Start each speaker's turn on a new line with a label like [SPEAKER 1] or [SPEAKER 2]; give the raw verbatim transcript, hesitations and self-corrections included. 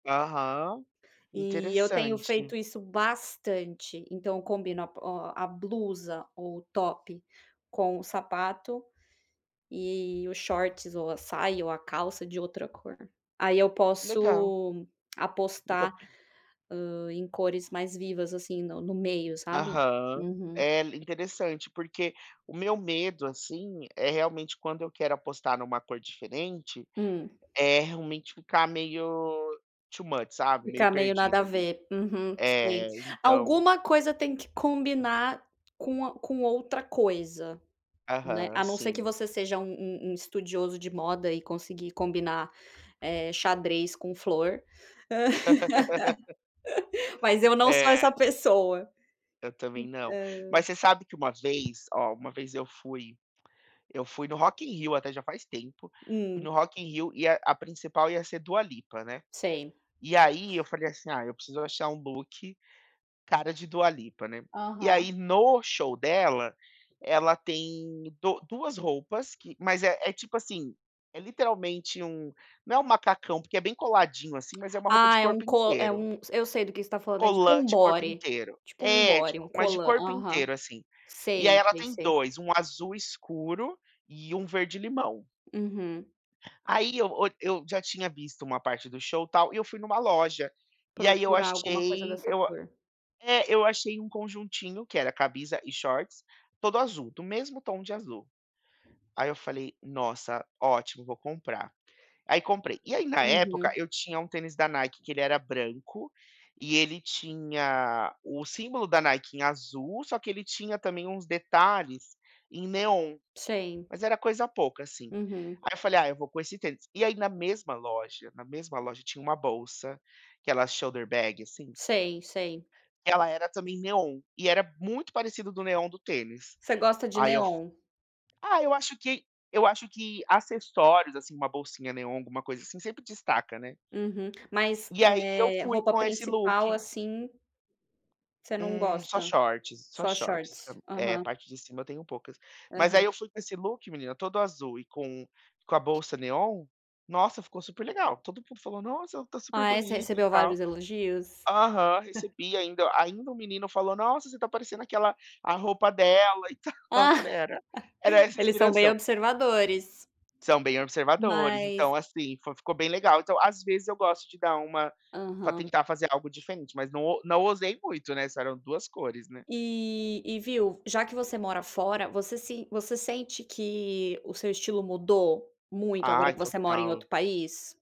[SPEAKER 1] Aham,
[SPEAKER 2] E eu tenho
[SPEAKER 1] interessante.
[SPEAKER 2] feito isso bastante. Então eu combino a bo ó, a blusa o top com o sapato e e o shorts ou a saia ou a calça de outra cor. Aí eu
[SPEAKER 1] Legal.
[SPEAKER 2] posso apostar,
[SPEAKER 1] Nunca
[SPEAKER 2] ah, em cores mais vivas, assim, no no meio sabe?
[SPEAKER 1] Aham.
[SPEAKER 2] Uhum.
[SPEAKER 1] É interessante, porque o meu medo, assim, é realmente quando eu quero apostar numa cor diferente,
[SPEAKER 2] Hum.
[SPEAKER 1] é realmente ficar meio too much sabe, meio
[SPEAKER 2] Ficar meio nada a
[SPEAKER 1] perdido ali.
[SPEAKER 2] ver. Uhum, sei.
[SPEAKER 1] É, então
[SPEAKER 2] Alguma coisa tem que combinar com a com outra coisa, né,
[SPEAKER 1] Aham,
[SPEAKER 2] a não ser que
[SPEAKER 1] sim.
[SPEAKER 2] você seja um um um estudioso de moda e conseguir combinar, eh, xadrez com flor mas eu não sou
[SPEAKER 1] É.
[SPEAKER 2] essa pessoa.
[SPEAKER 1] Eu também não.
[SPEAKER 2] É.
[SPEAKER 1] Mas você sabe que uma vez ó, uma vez eu fui eu fui no Rock in Rio até já faz tempo. Fui
[SPEAKER 2] Hum.
[SPEAKER 1] no Rock in Rio e a a principal ia ser Dua Lipa, né.
[SPEAKER 2] Sei.
[SPEAKER 1] E aí eu falei, assim: "Ah, eu preciso achar um look cara de Dua Lipa", né. E
[SPEAKER 2] Aham.
[SPEAKER 1] aí no show dela, ela tem do duas roupas que mas é é tipo, assim, é literalmente um não é um macacão, porque é bem coladinho assim, mas é uma roupa de
[SPEAKER 2] Ah é um
[SPEAKER 1] corpo
[SPEAKER 2] co é
[SPEAKER 1] inteiro.
[SPEAKER 2] um s eu sei do que você tá falando, é tipo um
[SPEAKER 1] Colante de corpo
[SPEAKER 2] body,
[SPEAKER 1] inteiro.
[SPEAKER 2] tipo um
[SPEAKER 1] É de
[SPEAKER 2] body,
[SPEAKER 1] co
[SPEAKER 2] um
[SPEAKER 1] mas de
[SPEAKER 2] collant.
[SPEAKER 1] corpo
[SPEAKER 2] Aham,
[SPEAKER 1] inteiro, assim, e aí
[SPEAKER 2] sei,
[SPEAKER 1] ela
[SPEAKER 2] sei,
[SPEAKER 1] tem
[SPEAKER 2] sei.
[SPEAKER 1] dois, um azul escuro e um verde limão.
[SPEAKER 2] Uhum.
[SPEAKER 1] Aí eu o eu já tinha visto uma parte do show, tal, e eu fui numa loja, e aí eu
[SPEAKER 2] Procurar alguma coisa
[SPEAKER 1] achei
[SPEAKER 2] dessa
[SPEAKER 1] eu a
[SPEAKER 2] cor.
[SPEAKER 1] é, eu achei um conjuntinho que era camisa e shorts todo azul, do mesmo tom de azul. Aí eu falei: "Nossa, ótimo, vou comprar", aí comprei. E aí na época
[SPEAKER 2] Uhum.
[SPEAKER 1] eu tinha um tênis da Nike que ele era branco, e ele tinha o símbolo da Nike em azul, só que ele tinha também uns detalhes em neon
[SPEAKER 2] Sei.
[SPEAKER 1] mas era coisa pouca assim,
[SPEAKER 2] Uhum.
[SPEAKER 1] aí eu falei: "Ah eu vou com esse tênis". E aí na mesma loja na mesma loja tinha uma bolsa, aquela shoulder bag assim
[SPEAKER 2] Sei sei.
[SPEAKER 1] que ela era também neon e era muito parecido do neon do tênis,
[SPEAKER 2] Você gosta de
[SPEAKER 1] aí eu f
[SPEAKER 2] neon?
[SPEAKER 1] ah, eu acho que eu acho que acessórios, assim, uma bolsinha neon, alguma coisa assim ,sempre destaca, né.
[SPEAKER 2] Uhum. Mas,
[SPEAKER 1] E aí eu
[SPEAKER 2] eh,
[SPEAKER 1] fui
[SPEAKER 2] roupa
[SPEAKER 1] com esse
[SPEAKER 2] principal
[SPEAKER 1] look.
[SPEAKER 2] assim você não
[SPEAKER 1] Eh, só
[SPEAKER 2] gosta?
[SPEAKER 1] shorts, só
[SPEAKER 2] Só
[SPEAKER 1] shorts.
[SPEAKER 2] shorts.
[SPEAKER 1] sabe. É, a
[SPEAKER 2] Aham.
[SPEAKER 1] parte de cima eu tenho poucas. Mas
[SPEAKER 2] Aham.
[SPEAKER 1] aí eu fui com esse look menina, todo azul e com com a bolsa neon, nossa, ficou super legal, todo mundo falou: "Nossa, tá super
[SPEAKER 2] Ah é, você você
[SPEAKER 1] bonito e
[SPEAKER 2] recebeu
[SPEAKER 1] tal".
[SPEAKER 2] vários elogios?
[SPEAKER 1] Aham,
[SPEAKER 2] [unintelligible]
[SPEAKER 1] recebi ainda ainda o menino falou: "Nossa, você tá parecendo aquela a roupa dela e tal", eu
[SPEAKER 2] Ah,
[SPEAKER 1] falei: "Era, era essa
[SPEAKER 2] eles são bem
[SPEAKER 1] inspiração".
[SPEAKER 2] observadores.
[SPEAKER 1] São bem observadores. Então,
[SPEAKER 2] Mas
[SPEAKER 1] assim, fo ficou bem legal, então, às vezes, eu gosto de dar uma pra
[SPEAKER 2] Aham.
[SPEAKER 1] tentar fazer algo diferente, mas não não ousei muito, né, só eram duas cores, né.
[SPEAKER 2] E e viu, já que você mora fora, você se você sente que o seu estilo mudou muito, agora
[SPEAKER 1] Ai
[SPEAKER 2] que você mora em
[SPEAKER 1] total.
[SPEAKER 2] outro país?